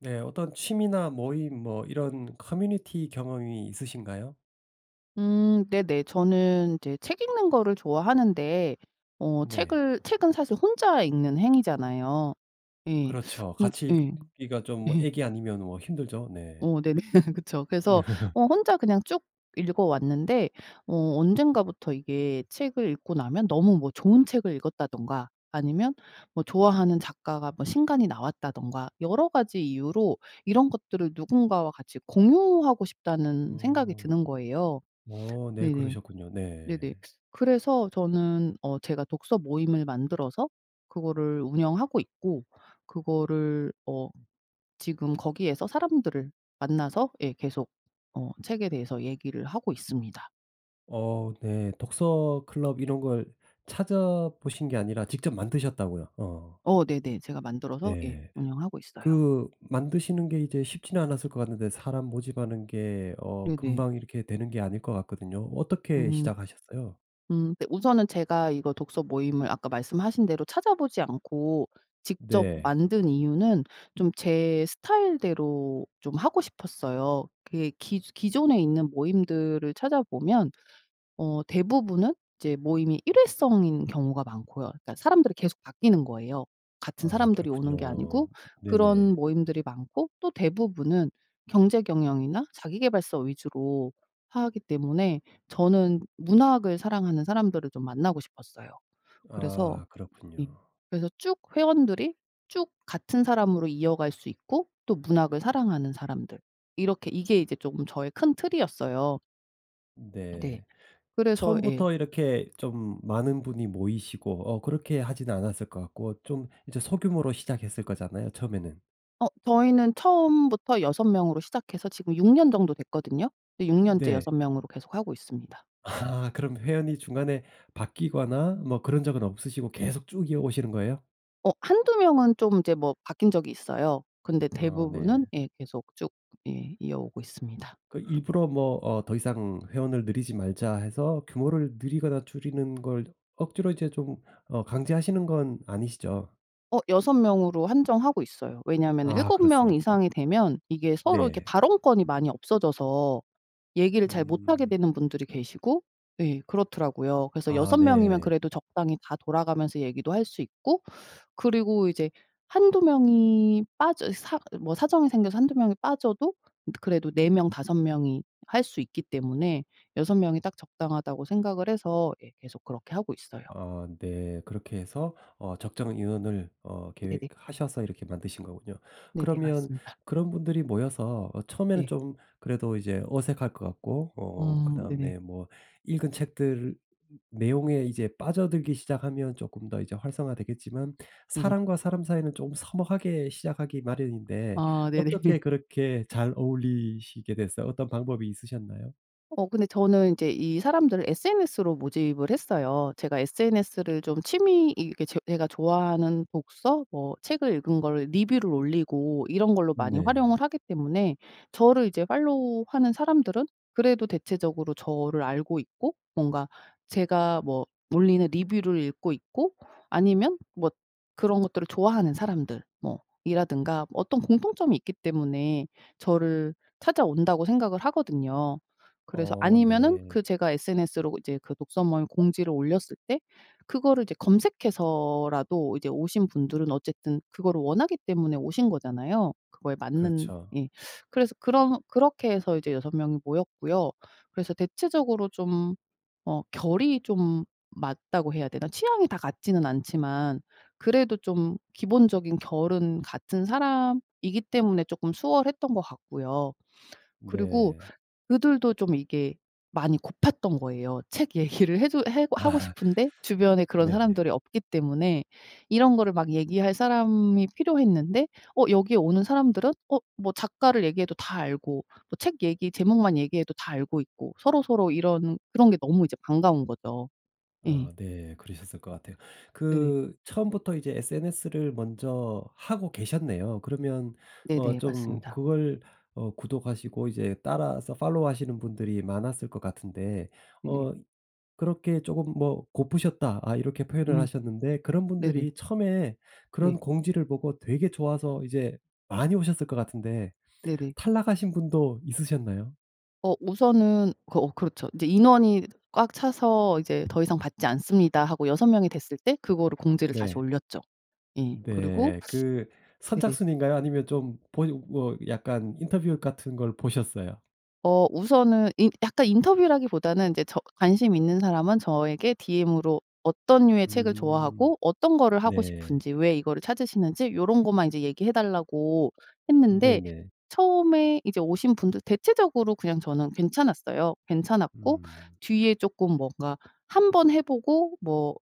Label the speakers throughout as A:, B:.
A: 네 어떤 취미나 모임 뭐 이런 커뮤니티 경험이 있으신가요?
B: 음 네네 저는 이제 책 읽는 거를 좋아하는데 어
A: 네.
B: 책을 책은 사실 혼자 읽는 행위잖아요. 예.
A: 그렇죠.
B: 음
A: 같이
B: 예.
A: 읽기가 좀
B: 예.
A: 아기 아니면 뭐 힘들죠? 네.
B: 어 네 네. 그쵸. 그래서 어 혼자 그냥 쭉 읽어 왔는데 어 언젠가부터 이게 책을 읽고 나면 너무 뭐 좋은 책을 읽었다든가 아니면 뭐 좋아하는 작가가 뭐 신간이 나왔다든가 여러 가지 이유로 이런 것들을 누군가와 같이 공유하고 싶다는 생각이
A: 어.
B: 드는 거예요.
A: 어 네
B: 네네.
A: 그러셨군요. 네.
B: 네네. 그래서 저는 어 제가 독서 모임을 만들어서 그거를 운영하고 있고 그거를 어 지금 거기에서 사람들을 만나서 예 계속 어 책에 대해서 얘기를 하고 있습니다.
A: 어 네. 독서 클럽 이런 걸 찾아보신 게 아니라 직접 만드셨다고요. 어.
B: 어 네네. 제가 만들어서 예
A: 네.
B: 운영하고 있어요.
A: 그 만드시는 게 이제 쉽지는 않았을 것 같은데 사람 모집하는 게 어
B: 네네.
A: 금방 이렇게 되는 게 아닐 것 같거든요. 어떻게
B: 음.
A: 시작하셨어요?
B: 음 네 우선은 제가 이거 독서 모임을 아까 말씀하신 대로 찾아보지 않고 직접
A: 네.
B: 만든 이유는 좀 제 스타일 대로 좀 하고 싶었어요. 이게 기조 기존에 있는 모임들을 찾아 보면 어 대부분은 이제 모임이 일회성인 경우가 많고요. 그러니까 사람들이 계속 바뀌는 거예요 같은
A: 아
B: 사람들이
A: 그렇군요.
B: 오는 게 아니고. 그런
A: 네네.
B: 모임들이 많고 또 대부분은 경제 경영이나 자기계발서 위주로 하기 때문에 저는 문학을 사랑하는 사람들을 좀 만나고 싶었어요. 그래서
A: 아
B: 예
A: 그렇군요.
B: 그래서 쭉 회원들이 쭉 같은 사람으로 이어갈 수 있고 또 문학을 사랑하는 사람들 이렇게 이게 이제 쪼금 저의 큰 틀이었어요. 네.
A: 네.
B: 그래서 예.
A: 처음부터 이렇게 좀 많은 분이 모이시고 어 그렇게 하지는 않았을 것 같고 좀 이제 소규모로 시작했을 거잖아요 처음에는.
B: 어 저희는 처음부터 6 명으로 시작해서 지금 6 년 정도 됐거든요. 네 6 년째
A: 네.
B: 6 명으로 계속하고 있습니다.
A: 아 그럼 회원이 중간에 바뀌거나 뭐 그런 적은 없으시고 계속 쭉 이어오시는 거예요?
B: 어 1-2 명은 좀 이제 뭐 바뀐 적이 있어요. 근데
A: 아 네.
B: 대부분은 예 계속 쭉 예 이어오고 있습니다.
A: 그 일부러 뭐 어 "더 이상 회원을 늘이지 말자." 해서 규모를 늘리거나 줄이는 걸 억지로 이제 좀 어 강제하시는 건 아니시죠?
B: 어 6 명으로 한정하고 있어요. 왜냐하면은
A: 아
B: 7 명
A: 그렇습니까?
B: 이상이 되면 이게 서로 이렇게
A: 네.
B: 발언권이 많이 없어져서 얘기를 잘 못 하게
A: 음.
B: 되는 분들이 계시고 예 그렇더라요. 그래서
A: 아
B: 6 명이면
A: 네.
B: 그래도 적당히 다 돌아가면서 얘기도 할 수 있고 그리고 이제 1-2 명이 빠져 사 뭐 사정이 생겨서 1-2 명이 빠져도 근데 그래도 4 명 5 명이 할 수 있기 때문에 6 명이 딱 적당하다고 생각을 해서 예 계속 그렇게 하고 있어요.
A: 아 네 그렇게 해서 어 적정 인원을 어
B: 네네.
A: 계획하셔서 이렇게 만드신 거군요.
B: 네네
A: 그러면
B: 맞습니다.
A: 그런 분들이 모여서 어 처음에는
B: 예.
A: 좀 그래도 이제 어색할 것 같고 어
B: 음 네네.
A: 그다음에 뭐 읽은 책들 내용에 이제 빠져들기 시작하면 쪼끔 더 이제 활성화되겠지만
B: 네네.
A: 사람과 사람 사이는 좀 서먹하게 시작하기 마련인데
B: 아 네네.
A: 어떻게 그렇게 잘 어울리시게 됐어요? 어떤 방법이 있으셨나요?
B: 어 근데 저는 인제 이 사람들을 SNS로 모집을 했어요. 제가 SNS를 좀 취미 이 이렇게 제 제가 좋아하는 독서 뭐 책을 읽은 거를 리뷰를 올리고 이런 걸로 많이
A: 네.
B: 활용을 하기 때문에 저를 이제 팔로우 하는 사람들은 그래도 대체적으로 저를 알고 있고 뭔가 제가 뭐 올리는 리뷰를 읽고 있고 아니면 뭐 그런 것들을 좋아하는 사람들 뭐 이라든가 어떤 공통점이 있기 때문에 저를 찾아온다고 생각을 하거든요. 그래서
A: 어
B: 아니면은
A: 네.
B: 그 제가 SNS로 이제 그 독서 모임 공지를 올렸을 때 그거를 이제 검색해서라도 이제 오신 분들은 어쨌든 그거를 원하기 때문에 오신 거잖아요. 그거에 맞는
A: 그렇죠.
B: 예. 그래서 그런 그렇게 해서 이제 6 명이 모였고요. 그래서 대체적으로 좀 어 결이 좀 맞다고 해야 되나? 취향이 다 같지는 않지만 그래도 좀 기본적인 결은 같은 사람이기 때문에 쪼끔 수월했던 것 같고요. 그리고
A: 네.
B: 그들도 좀 이게 많이 고팠던 거예요. 책 얘기를 해 주 해고 하고
A: 아.
B: 싶은데 주변에 그런
A: 네네.
B: 사람들이 없기 때문에 이런 거를 막 얘기할 사람이 필요했는데 어 여기에 오는 사람들은 어 뭐 작가를 얘기해도 다 알고 또 책 얘기 제목만 얘기해도 다 알고 있고 서로서로 이런 그런 게 너무 이제 반가운 거죠. 예.
A: 아 네 그러셨을 것 같아요.
B: 네네.
A: 그 처음부터 이제 SNS를 먼저 하고 계셨네요. 그러면 어
B: 네네.
A: 좀
B: 맞습니다.
A: 그걸 어 구독하시고 이제 따라서 팔로우 하시는 분들이 많았을 것 같은데
B: 네네.
A: 어 그렇게 쪼금 뭐 "고프셨다." 아 이렇게 표현을
B: 음
A: 하셨는데 그런
B: 네네.
A: 분들이 처음에
B: 네.
A: 그런 공지를 보고 되게 좋아서 이제 많이 오셨을 것 같은데
B: 네네.
A: 탈락하신 분도 있으셨나요?
B: 어 우선은 그 어 그렇죠. "이제 인원이 꽉 차서 이제 더 이상 받지 않습니다." 하고 6 명이 됐을 때 그거를 공지를 다시
A: 네.
B: 올렸죠. 예 그리고
A: 네. 그
B: 네네.
A: 선착순인가요? 아니면 좀 보이 뭐 약간 인터뷰 같은 걸 보셨어요?
B: 어 우선은 인 약간 인터뷰라기보다는 인제 저 관심이 있는 사람은 저에게 DM으로 어떤 류의 책을
A: 음
B: 좋아하고 어떤 거를 하고
A: 네.
B: 싶은지, 왜 이거를 찾으시는지 요런 것만 인제 얘기해 달라고 했는데
A: 네네.
B: 처음에 이제 오신 분들 대체적으로 그냥 저는 괜찮았어요. 괜찮았고
A: 음.
B: 뒤에 쪼끔 뭔가 한번 해보고 뭐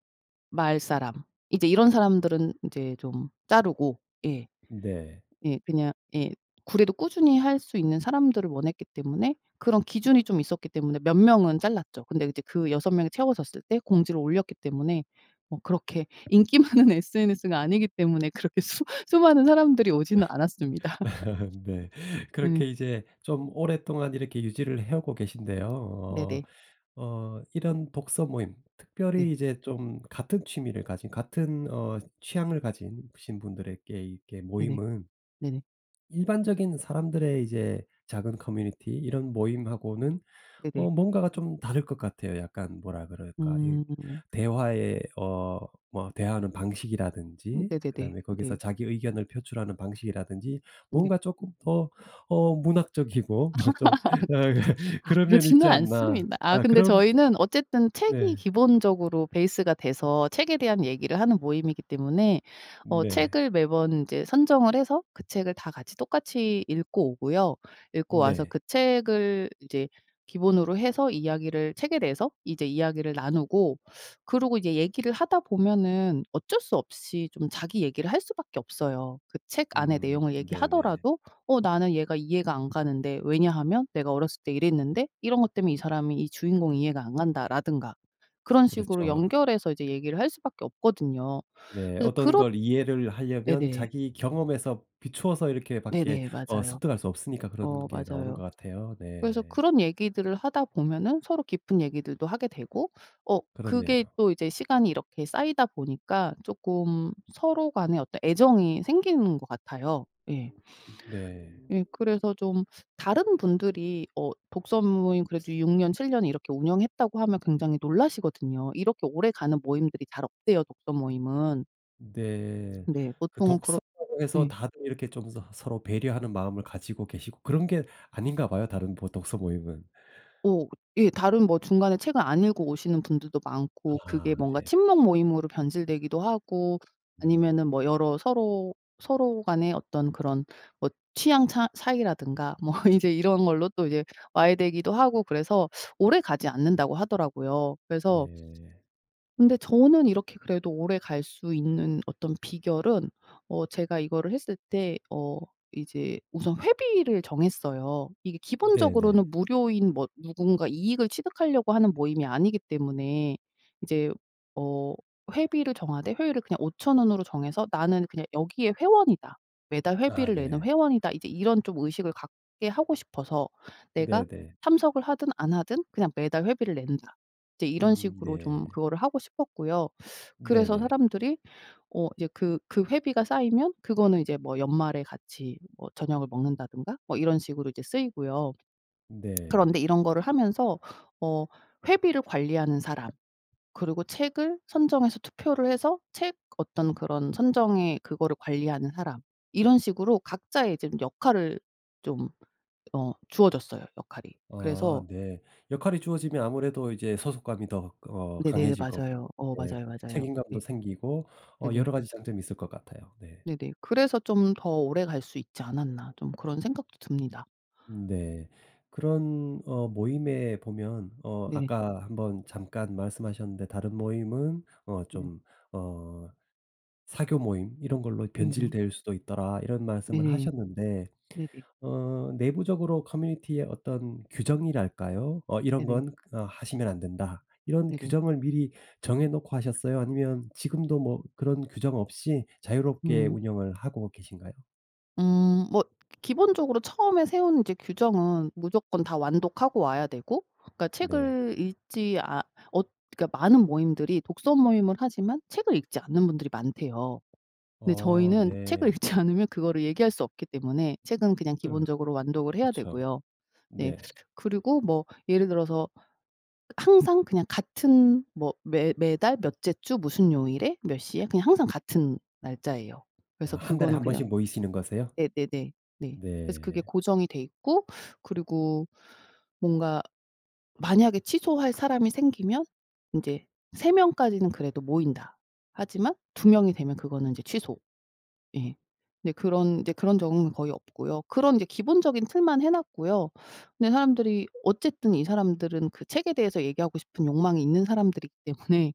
B: 말 사람 이제 이런 사람들은 이제 좀 자르고 예.
A: 네.
B: 예. 그냥 예 그래도 꾸준히 할 수 있는 사람들을 원했기 때문에 그런 기준이 좀 있었기 때문에 몇 명은 잘랐죠. 근데 그 이제 그 6 명이 채워졌을 때 공지를 올렸기 때문에 뭐 그렇게 인기 많은 SNS는 아니기 때문에 그렇게 수 수많은 사람들이 오지는 않았습니다.
A: 네.
B: 네.
A: 그렇게 이제 좀 오랫동안 이렇게 유지를 해오고 계신데요.
B: 네네.
A: 어 어 이런 독서 모임 특별히
B: 네.
A: 이제 좀 같은 취미를 가진 같은 어 취향을 가진 신 분들에게 이렇게
B: 네네.
A: 모임은
B: 네네.
A: 일반적인 사람들의 이제 작은 커뮤니티 이런 모임하고는
B: 네네.
A: 어 뭔가가 좀 다를 것 같아요. 약간 뭐라 그럴까? 이
B: 음.
A: 대화의 어 뭐 대화하는
B: 음
A: 방식이라든지
B: 네네네.
A: 그다음에
B: 네.
A: 거기서 자기 의견을 표출하는 방식이라든지
B: 네.
A: 뭔가 쪼끔 더 어 문학적이고 좀
B: 아
A: 그런 면이
B: 그렇지는
A: 있지 않나.
B: 않습니다. 아
A: 아
B: 근데
A: 그런
B: 저희는 어쨌든 책이
A: 네.
B: 기본적으로 베이스가 돼서 책에 대한 얘기를 하는 모임이기 때문에 어
A: 네.
B: 책을 매번 인제 선정을 해서 그 책을 다 같이 똑같이 읽고 오고요. 읽고 와서
A: 네.
B: 그 책을 이제 기본으로 해서 이야기를 책에 대해서 이제 이야기를 나누고 그러고 이제 얘기를 하다 보면은 어쩔 수 없이 좀 자기 얘기를 할 수밖에 없어요. 그 책 안에
A: 음
B: 내용을
A: 네네.
B: 얘기하더라도 "어 나는 얘가 이해가 안 가는데 왜냐하면 내가 어렸을 때 이랬는데 이런 것 때문에 이 사람이 이 주인공이 이해가 안 간다."라든가 그런 식으로
A: 그렇죠.
B: 연결해서 이제 얘기를 할 수밖에 없거든요.
A: 네.
B: 그래서
A: 어떤
B: 그렇
A: 걸 이해를 하려면
B: 네네.
A: 자기 경험에서 비추어서 이렇게 밖에
B: 네네.
A: 어
B: 맞아요.
A: 습득할 수 없으니까
B: 어
A: 그런 게 나오는
B: 맞아요.
A: 것 같아요.
B: 그래서
A: 네.
B: 그런 얘기들을 하다 보면은 서로 깊은 얘기들도 하게 되고 어 그게
A: 그렇네요.
B: 또 이제 시간이 이렇게 쌓이다 보니까 쪼끔 서로 간에 어떤 애정이 생기는 것 같아요. 예.
A: 네.
B: 예 그래서 좀 다른 분들이 어 독서 모임 그래도 6 년, 7 년 이렇게 운영했다고 하면 굉장히 놀라시거든요. 이렇게 오래가는 모임들이 잘 없대요, 독서 모임은.
A: 네.
B: 네.
A: 그
B: 보통은 그렇
A: 독서라고 해서
B: 네.
A: 다들 이렇게 좀 서 서로 배려하는 마음을 가지고 계시고 그런 게 아닌가 봐요. 다른 보 독서 모임은.
B: 오. 예 다른 뭐 중간에 책을 안 읽어 오시는 분들도 많고 그게
A: 아
B: 뭔가
A: 네.
B: 친목 모임으로 변질되기도 하고
A: 음.
B: 아니면은 뭐 여러 서로, 서로 간에 어떤 그런 뭐 취향 차 차이라든가 뭐 이제 이런 걸로 또 이제 와해되기도 하고 그래서 오래 가지 않는다고 하더라고요. 그래서
A: 네.
B: 근데 저는 이렇게 그래도 오래갈 수 있는 어떤 비결은 어 제가 이거를 했을 때 어 이제 우선 회비를 정했어요. 이게
A: 네네.
B: 기본적으로는 무료인 뭐 누군가 이익을 취득하려고 하는 모임이 아니기 때문에 이제 어 회비를 정하되 회율을 그냥 5,000 원으로 정해서 '나는 그냥 여기에 회원이다. 매달
A: 아
B: 회비를 내는
A: 네.
B: 회원이다.' 이제 이런 좀 의식을 갖게 하고 싶어서 '내가
A: 네네.
B: 참석을 하든 안 하든 그냥 매달 회비를 낸다.' 이제 이런
A: 음
B: 식으로
A: 네.
B: 좀 그거를 하고 싶었고요. 그래서
A: 네네.
B: 사람들이 어 이제 그 그 회비가 쌓이면 그거는 이제 뭐 연말에 같이 뭐 저녁을 먹는다든가 뭐 이런 식으로 이제 쓰이고요. 그런데
A: 네.
B: 이런 거를 하면서 어 회비를 관리하는 사람, 그리고 책을 선정해서 투표를 해서 책 어떤 그런 선정의 그거를 관리하는 사람, 이런 식으로 각자의 좀 역할을 좀 어 주어졌어요, 역할이.
A: 아
B: 그래서
A: 네. 역할이 주어지면 아무래도 이제 소속감이 더 어
B: 네네네.
A: 강해질 거고
B: 맞아요. 어
A: 네
B: 맞아요,
A: 그
B: 맞아요. 네.
A: 책임감도 생기고 어
B: 네네.
A: 여러 가지 장점이 있을 것 같아요. 네.
B: 네네. '그래서 좀 더 오래갈 수 있지 않았나.' 좀 그런 생각도 듭니다.
A: 네. 그런 어 모임에 보면 어
B: 네네.
A: 아까 1 번 잠깐 말씀하셨는데 "다른 모임은 어
B: 네네.
A: 좀 어 사교 모임 이런 걸로
B: 네너.
A: 변질될 수도 있더라." 이런 말씀을
B: 네네.
A: 하셨는데
B: 네네.
A: 어 내부적으로 커뮤니티의 어떤 규정이랄까요? 어 '이런
B: 네네.
A: 건 어 하시면 안 된다.' 이런
B: 네네.
A: 규정을 미리 정해 놓고 하셨어요? 아니면 지금도 뭐 그런 규정 없이 자유롭게
B: 음.
A: 운영을 하고 계신가요?
B: 음 뭐 기본적으로 처음에 세운 이제 규정은 무조건 다 완독하고 와야 되고 그러니까
A: 네.
B: 책을 읽지 않 얻 그러니까 많은 모임들이 독서 모임을 하지만 책을 읽지 않는 분들이 많대요. 근데
A: 어
B: 저희는 책을
A: 네.
B: 읽지 않으면 그거를 얘기할 수 없기 때문에 책은 그냥
A: 음
B: 기본적으로 완독을 해야
A: 그쵸.
B: 되고요. 네
A: 네.
B: 그리고 뭐 예를 들어서 항상 그냥 같은 뭐 매 매달 몇째 주 무슨 요일에 몇 시에 그냥 항상 같은 날짜예요.
A: 아
B: 그래서
A: 1 달에
B: 그거는
A: 1
B: 그냥
A: 번씩 모이시는 거세요?
B: 네네네. 네 그래서 그게
A: 네.
B: 고정이 돼 있고 그리고 뭔가 만약에 취소할 사람이 생기면 인제 3 명까지는 그래도 모인다. 하지만 2 명이 되면 그거는 이제 취소. 예 근데 그런 이제 그런 적은 거의 없고요. 그런 이제 기본적인 틀만 해 놨고요. 근데 사람들이 어쨌든 이 사람들은 그 책에 대해서 얘기하고 싶은 욕망이 있는 사람들이기 때문에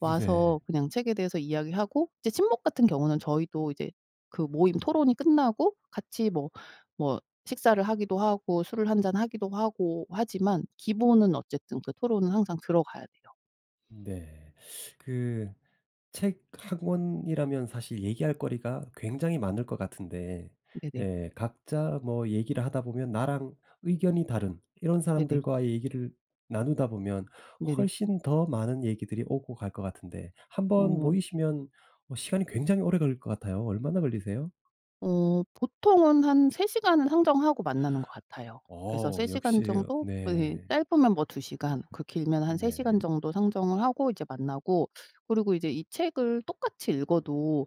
A: 네.
B: 와서 그냥 책에 대해서 이야기하고 이제 친목 같은 경우는 저희도 이제 그 모임 토론이 끝나고 같이 뭐, 뭐 식사를 하기도 하고 술을 한잔하기도 하고 하지만 기본은 어쨌든 그 토론은 항상 들어가야 돼요.
A: 네 그 책 1 권이라면 사실 얘기할 거리가 굉장히 많을 것 같은데
B: 네네.
A: 예 각자 뭐 얘기를 하다 보면 나랑 의견이 다른 이런
B: 네네.
A: 사람들과의 얘기를 나누다 보면
B: 네네.
A: 훨씬 더 많은 얘기들이 오고 갈 것 같은데 1 번
B: 어.
A: 모이시면 뭐 시간이 굉장히 오래 걸릴 것 같아요. 얼마나 걸리세요?
B: 어 보통은 한 3 시간은 상정하고 만나는 것 같아요. 그래서
A: 어
B: 3 시간
A: 역시
B: 정도 예
A: 네.
B: 짧으면 뭐 2 시간 그 길면 한 3 시간
A: 네.
B: 정도 상정을 하고 이제 만나고 그러고 이제 이 책을 똑같이 읽어도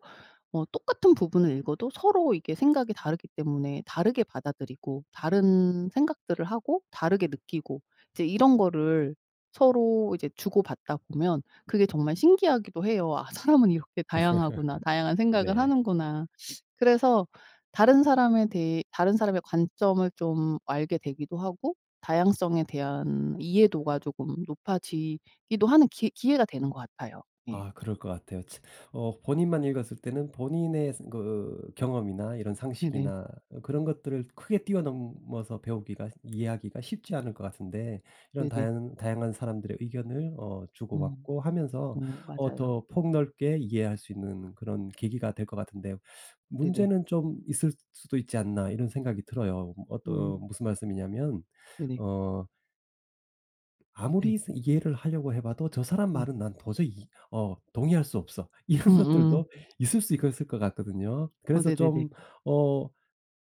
B: 뭐 똑같은 부분을 읽어도 서로 이게 생각이 다르기 때문에 다르게 받아들이고 다른 생각들을 하고 다르게 느끼고 이제 이런 거를 서로 이제 주고 받다 보면 그게 정말 신기하기도 해요. '아 사람은 이렇게 다양하구나. 다양한 생각을
A: 네.
B: 하는구나.' 그래서 다른 사람에 대해 다른 사람의 관점을 좀 알게 되기도 하고 다양성에 대한 이해도가 쪼금 높아지기도 하는 기 기회가 되는 것 같아요. 예.
A: 아 그럴 것 같아요. 츠 어 본인만 읽었을 때는 본인의 새 그 경험이나 이런
B: 네네.
A: 상식이나 그런 것들을 크게 뛰어 넘어서 배우기가 이해하기가 쉽지 않을 것 같은데 이런
B: 네네.
A: 다양 다양한 사람들의 의견을 어 주고
B: 음.
A: 받고 하면서
B: 어
A: 어
B: 맞아요.
A: 더 폭 넓게 이해할 수 있는 그런 계기가 될 것 같은데
B: 네네.
A: '문제는 좀 있을 수도 있지 않나.' 이런 생각이 들어요. 어떤
B: 음.
A: 무슨 말씀이냐 하면
B: 네네.
A: 어
B: 네.
A: '아무리 스 이해를 하려고 해 봐도 저 사람
B: 네.
A: 말은 난 도저히 이 어 동의할 수 없어.' 이런
B: 음음.
A: 것들도 있을 수 있것 을 것 같거든요.
B: 어
A: 그래서
B: 네네네.
A: 좀 어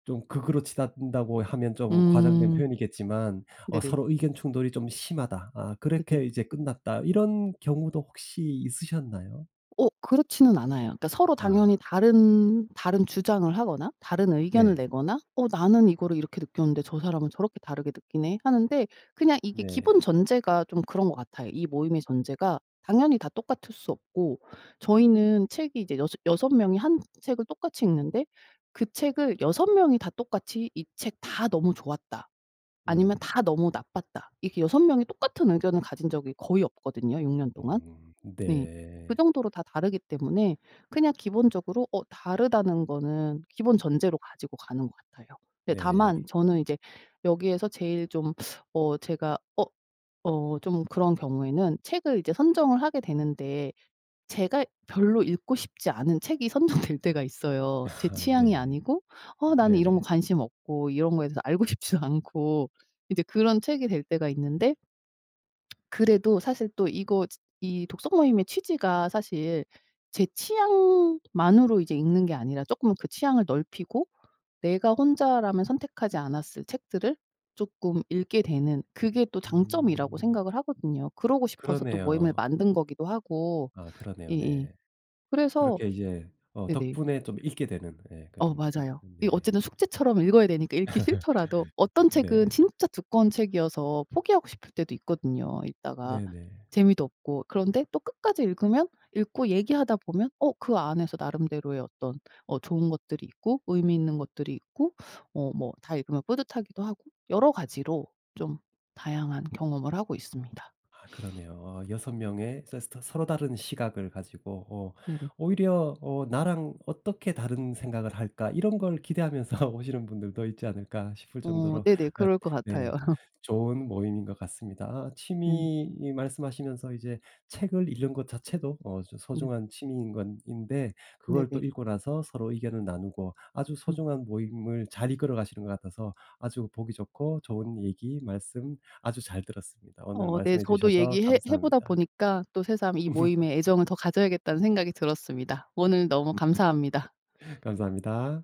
A: 좀 극으로 치닫는다고 하면 좀 과장된
B: 음.
A: 표현이겠지만 '어
B: 네네.
A: 서로 의견 충돌이 좀 심하다. 아
B: 네네.
A: 그렇게 이제 끝났다.' 이런 경우도 혹시 있으셨나요?
B: 어 그렇지는 않아요. 그러니까 서로
A: 아.
B: 당연히 다른, 다른 주장을 하거나 다른 의견을
A: 네.
B: 내거나 '어 나는 이거를 이렇게 느꼈는데 저 사람은 저렇게 다르게 느끼네.' 하는데 그냥 이게 기본
A: 네.
B: 전제가 좀 그런 것 같아요. 이 모임의 전제가 당연히 다 똑같을 수 없고 저희는 책이 이제 여섯 여섯 명이 1 책을 똑같이 읽는데 그 책을 6 명이 다 똑같이 이 책 다 "너무 좋았다." 아니면
A: 음.
B: 다 "너무 나빴다." 이렇게 6 명이 똑같은 의견을 가진 적이 거의 없거든요 6 년 동안.
A: 음
B: 네 그
A: 네.
B: 정도로 다 다르기 때문에 그냥 기본적으로 어 다르다는 거는 기본 전제로 가지고 가는 것 같아요. 네
A: 네. 이
B: 다만 저는 이제 여기에서 제일 좀 어 제가 어 어 좀 그런 경우에는 책을 이제 선정을 하게 되는데 제가 별로 읽고 싶지 않은 책이 선정될 때가 있어요. 제
A: 아
B: 취향이
A: 네.
B: 아니고 어 나는 이런
A: 네네.
B: 거 관심 없고 이런 거에 대해서 알고 싶지도 않고 이제 그런 책이 될 때가 있는데 그래도 사실 또 이거 지 이 독서 모임의 취지가 사실 제 취향만으로 이제 읽는 게 아니라 쪼끔 그 취향을 넓히고 내가 혼자라면 선택하지 않았을 책들을 쪼끔 읽게 되는 그게 또 장점이라고
A: 음.
B: 생각을 하거든요. 그러고 싶어서 또 모임을
A: 그러네요.
B: 만든 거기도 하고
A: 아 그러네요
B: 예예
A: 네.
B: 그래서
A: 그렇게 이제 어
B: 네네.
A: 덕분에 좀 읽게 되는. 예
B: 어
A: 그런
B: 맞아요. 이
A: 네.
B: 어쨌든 숙제처럼 읽어야 되니까 읽기 싫더라도 어떤 책은
A: 네.
B: 진짜 두꺼운 책이어서 포기하고 싶을 때도 있거든요 읽다가.
A: 네네.
B: 재미도 없고. 그런데 또 끝까지 읽으면 읽고 얘기하다 보면 어 그 안에서 나름대로의 어떤 어 좋은 것들이 있고 의미 있는 것들이 있고 어 뭐 다 읽으면 뿌듯하기도 하고 여러 가지로 좀 다양한 경험을 하고 있습니다.
A: 아 그러네요. 6 명의 서스 터 서로 다른 시각을 가지고 어
B: 네네.
A: '오히려 어 "나랑 어떻게 다른 생각을 할까?" 이런 걸 기대하면서 오시는 분들도 있지 않을까?' 싶을
B: 어
A: 정도로
B: 네네
A: 엇
B: 그럴 것 같아요.
A: 네 좋은 모임인 것 같습니다. 아
B: 네.
A: 취미 말씀하시면서 이제 책을 읽는 것 자체도 어 저
B: 네.
A: 소중한 취미인 건 인데 그걸
B: 네네.
A: 또 읽고 나서 서로 의견을 나누고 아주
B: 음.
A: 소중한 모임을 잘 이끌어 가시는 것 같아서 아주 보기 좋고 좋은 얘기 말씀 아주 잘 들었습니다. 오늘
B: 어 네
A: 말씀해
B: 저도
A: 주셔서
B: 얘기해 해 보다
A: 감사합니다.
B: 보니까 또 새삼 이 모임에 애정을 더 가져야겠다는 생각이 들었습니다. 오늘 너무 감사합니다.
A: 감사합니다.